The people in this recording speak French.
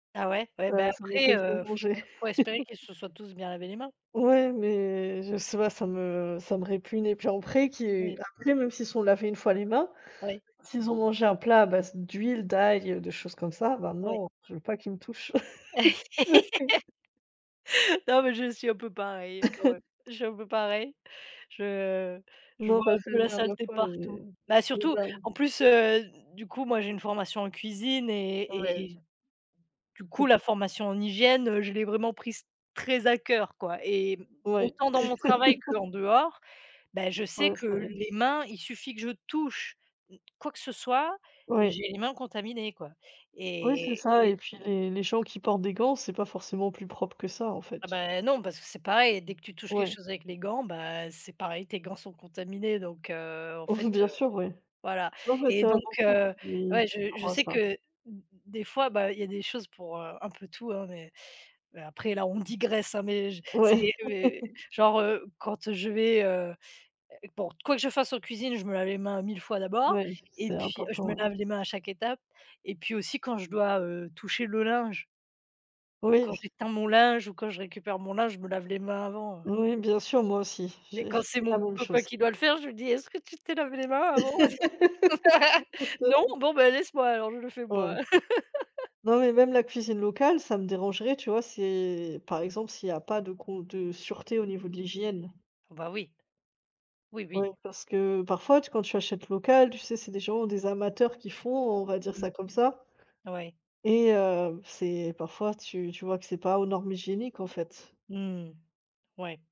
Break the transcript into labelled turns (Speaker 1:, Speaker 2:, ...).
Speaker 1: Bah, ouais, ouais, ben
Speaker 2: Ça ça
Speaker 1: après,
Speaker 2: m'empêche de
Speaker 1: heu, faut
Speaker 2: manger.
Speaker 1: faut espérer qu'ils se soient tous bien lavés les mains.
Speaker 2: Ouais, mais je sais pas, ça me ça me répugne et puis après qu'ils
Speaker 1: Mmh.
Speaker 2: après même s'ils sont lavés une fois les mains,
Speaker 1: Ouais.
Speaker 2: s'ils ont mangé un plat à base d'huile, d'ail, heu, de choses comme ça, bah
Speaker 1: Ouais.
Speaker 2: non, je veux pas qu'ils me touchent.
Speaker 1: Non, mais je suis un peu pareille quand même. Je suis un peu pareille. Je je
Speaker 2: Non
Speaker 1: vois
Speaker 2: bah,
Speaker 1: un
Speaker 2: c'est
Speaker 1: peu
Speaker 2: la
Speaker 1: la
Speaker 2: dernière
Speaker 1: saleté
Speaker 2: fois, j'ai
Speaker 1: partout. Bah, surtout en
Speaker 2: [unintelligible]
Speaker 1: plus, heu, d du coup moi j'ai une formation en cuisine et et
Speaker 2: Oui.
Speaker 1: et du coup, la formation en hygiène, heu, je l'ai vraiment prise très à cœur quoi et
Speaker 2: Ouais.
Speaker 1: autant dans mon travail que en dehors, beh je sais
Speaker 2: Oui,
Speaker 1: que
Speaker 2: c'est vrai.
Speaker 1: les mains, il suffit que je touche quoi que ce soit,
Speaker 2: Oui.
Speaker 1: j'ai les mains contaminées quoi
Speaker 2: Oui, c'est
Speaker 1: et
Speaker 2: ça
Speaker 1: et
Speaker 2: et puis les les gens qui portent des gants, c'est pas forcément plus propre que ça en
Speaker 1: Ah
Speaker 2: fait.
Speaker 1: bah non, parce que c'est pareil, dès que tu touches quelque
Speaker 2: Ouais.
Speaker 1: chose avec les gants, bah c'est pareil. Tes gants sont contaminés donc heu, en fait,
Speaker 2: Bien
Speaker 1: heu
Speaker 2: sûr, oui.
Speaker 1: voilà
Speaker 2: Non mais
Speaker 1: et
Speaker 2: c'est, heu,
Speaker 1: donc
Speaker 2: beaucoup
Speaker 1: heu,
Speaker 2: qui
Speaker 1: ouais
Speaker 2: qui
Speaker 1: je je
Speaker 2: croient
Speaker 1: sais
Speaker 2: ça.
Speaker 1: que, d des fois bah, il y a des choses pour, heu, un peu tout hein, mais mais après là on digresse hein, mais j c'est,
Speaker 2: Ouais.
Speaker 1: heu, mais, genre, heu, quand, heu, je vais, heu, heu bon, quoi que je fasse en cuisine, je me lave les mains 1000 fois d'abord
Speaker 2: Ouais,
Speaker 1: et
Speaker 2: c'est
Speaker 1: puis, heu, je
Speaker 2: important
Speaker 1: me
Speaker 2: ouais.
Speaker 1: lave les mains à chaque étape et puis aussi quand je dois, heu, toucher le linge. Quand
Speaker 2: Oui.
Speaker 1: j'étend mon linge ou quand je récupère mon linge, je me lave les mains avant, heu
Speaker 2: Oui, bien sûr, moi aussi.
Speaker 1: et
Speaker 2: J'ai je
Speaker 1: quand
Speaker 2: dis
Speaker 1: c'est
Speaker 2: la
Speaker 1: mon
Speaker 2: même
Speaker 1: copain
Speaker 2: chose.
Speaker 1: qui doit le faire, je lui dis: «Est-ce que tu t'es lavé les mains avant? Parc non?
Speaker 2: [unintelligible]
Speaker 1: Bon bah laisse moi alors, je le fais moi».
Speaker 2: Ouais. Non, mais même la cuisine locale, ça me dérangerait tu vois? C'est par exemple s'il y a pas de con de sûreté au niveau de l'hygiène.
Speaker 1: Bah, oui. Oui,
Speaker 2: Ouais,
Speaker 1: oui.
Speaker 2: parce que parfois, tu quand tu achètes local, tu sais c'est des gens, des amateurs qui font, on va dire
Speaker 1: Mmh
Speaker 2: ça comme ça
Speaker 1: mh, ouais.
Speaker 2: et heu, c'est parfois tu tu vois que c'est pas aux normes hygiéniques en fait.
Speaker 1: Mmh mh, ouais.